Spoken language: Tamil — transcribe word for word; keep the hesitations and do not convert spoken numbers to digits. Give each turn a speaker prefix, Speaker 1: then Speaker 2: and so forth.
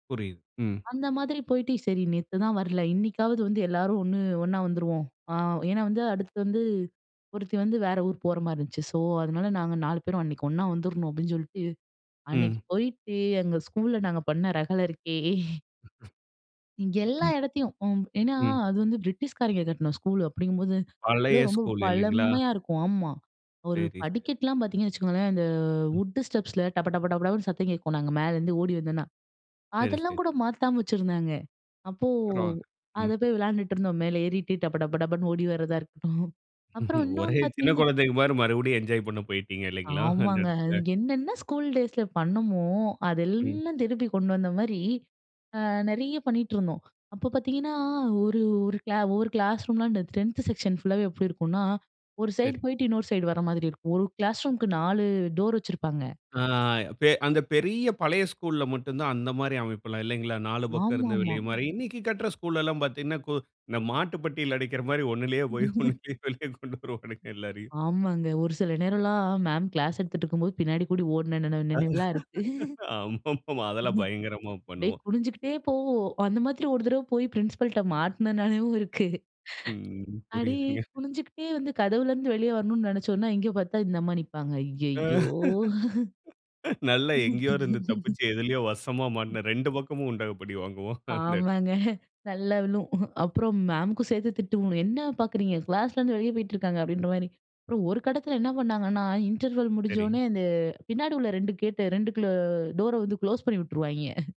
Speaker 1: புரியிது, ம்.
Speaker 2: அந்த மாதிரி போயிட்டு சரி நேத்துதான் வரல இன்னிக்காவது வந்து எல்லாரும் ஒண்ணு ஒன்னா வந்துருவோம். ஆ ஏன்னா வந்து அடுத்து வந்து ஒருத்தி வந்து வேற ஊர் போற மாரி இருந்துச்சு. ஸோ, அதனால நாங்க நாலு பேரும் அன்னைக்கு ஒன்னா வந்துடணும் அப்டின்னு சொல்ட்டு. அன்னைக்கு
Speaker 1: ம்.
Speaker 2: போயிட்டு எங்க ஸ்கூல்ல நாங்க பண்ண ரகள இருக்கே. இங்கே எல்லா இடத்தையும். ஒ ஏன்னா
Speaker 1: ம்.
Speaker 2: அது வந்து பிரிட்டிஷ்காரங்க கட்டண ஸ்கூலு அப்டிங்கும்போது அது
Speaker 1: பழைய
Speaker 2: ரொம்ப
Speaker 1: ஸ்கூல் இல்லைங்களா?
Speaker 2: பழமையா இருக்கும். ஆமா, ஒரு
Speaker 1: சரி ஸ்
Speaker 2: படிக்கட்டுலாம் பார்த்தீங்கன்னு வச்சுக்கோங்களேன். இந்த
Speaker 1: ம்.
Speaker 2: வுட்டு ஸ்டெப்ஸில டப, டப, டபடபன்னு சத்தம் கேட்கும் நாங்க மேலருந்து ஓடி வந்தோம்னா,
Speaker 1: சரி,
Speaker 2: அதெல்லாம் கூட
Speaker 1: சரி.
Speaker 2: மாத்தாம வச்சுருந்தாங்க. அப்போ
Speaker 1: பரவால்ல, ம்.
Speaker 2: அத போய் விளையாண்டுட்டு இருந்தோம் மேல ஏறிட்டு டபடபடபன்னு ஓடி வரதா இருக்கட்டும் அப்புறம் இன்னொனு
Speaker 1: ஒரே சின்ன
Speaker 2: பார்த்தீங்கன்னா
Speaker 1: குழந்தைக மாரி மறுபடியும் என்ஜாய் பண்ண போயிட்டீங்க இல்லைங்களா? அந்த
Speaker 2: ஆமாங்க. அது
Speaker 1: இடத்துல.
Speaker 2: என்னென்ன ஸ்கூல் டேஸில பண்ணோமோ
Speaker 1: ம்.
Speaker 2: அதெல்லாம் திருப்பி கொண்டு வந்த மாரி அ நெறிய பண்ணிட்டுருந்தோம். அப்ப பார்த்தீங்கன்னா ஒரு, ஒரு கிளா ஒவ்வொரு கிளாஸ் ரூம்லாம் அந்த டென்த் டென்த் செக்ஷன் ஃபுல்லாவே எப்டி இருக்கும்னா, ஒரு
Speaker 1: சரி.
Speaker 2: சைட் போயிட்டு இன்னொரு சைடு வர மாதிரி இருக்கும். ஒரு கிளாஸ் ரூமுக்கு நாலு டோர் வச்சிருப்பாங்க.
Speaker 1: ஆ, பெ அந்த பெரிய பழைய ஸ்கூல்ல மட்டும் தான் அந்த மாரி அமைப்புல்லாம் இல்லைங்களா, நாலு பக்கம் இருந்து
Speaker 2: ஆமாமா.
Speaker 1: வெளிய மாரி இன்னைக்கு கட்ற ஸ்கூல் எல்லாம் பார்த்தீங்கன்னா, கோ இப்போ இந்த மாட்டு பெட்டியல அடிக்கிற மாரி ஒண்ணுலேயே போய் ஒண்ணுலேயே வெளியே கொண்டு வருவாங்க எல்லாரையும்.
Speaker 2: ஆமாங்க. ஒரு சில நேரம்லாம் மேம் கிளாஸ் எடுத்துட்டு இருக்கும்போது பின்னாடி கூடி ஓடின நினைவு நினைவுலாம் இருக்கு.
Speaker 1: ஆமாமா, அதெல்லாம் பயங்கரமா
Speaker 2: அப்டியே
Speaker 1: பண்ணுவோம்.
Speaker 2: குனிஞ்சுகிட்டே போவோம் அந்த மாதிரி ஒரு தடவ போய் பிரின்சிபல்ட்ட மாட்டுனனாலையும் இருக்கு.
Speaker 1: ம்.
Speaker 2: அடியே
Speaker 1: புரிது.
Speaker 2: குனிஞ்சுகிட்டே வந்து கதவுல இருந்து வெளிய வரணும்னு நெனைச்சோன்னா, இங்கே பார்த்தா இந்த அம்மா நிப்பாங்க ஐயயோ!
Speaker 1: நல்லா எங்கேயோ இருந்து தப்பிச்சு எதிலேயோ வசமா மாட்டுன ரெண்டு பக்கமும் உண்டகப்படி வாங்குவோம். அந்த
Speaker 2: ஆமாங்க. நல்லா விழும் அப்புறம் மேமுக்கும் சேர்த்து திட்டுங்க என்ன பார்க்குறீங்க கிளாஸ்லருந்து வெளியே போயிட்டு இருக்காங்க அப்டின்ற மாரி அப்புறம் ஒரு கட்டத்தில என்ன பண்ணாங்கன்னா, இன்டர்வெல்
Speaker 1: சரி.
Speaker 2: முடிஞ்சோனே அந்த பின்னாடி உள்ள ரெண்டு கேட் ரெண்டுக்குள்ள டோர வந்து குளோஸ் பண்ணி வுட்டுருவாய்ங்கே.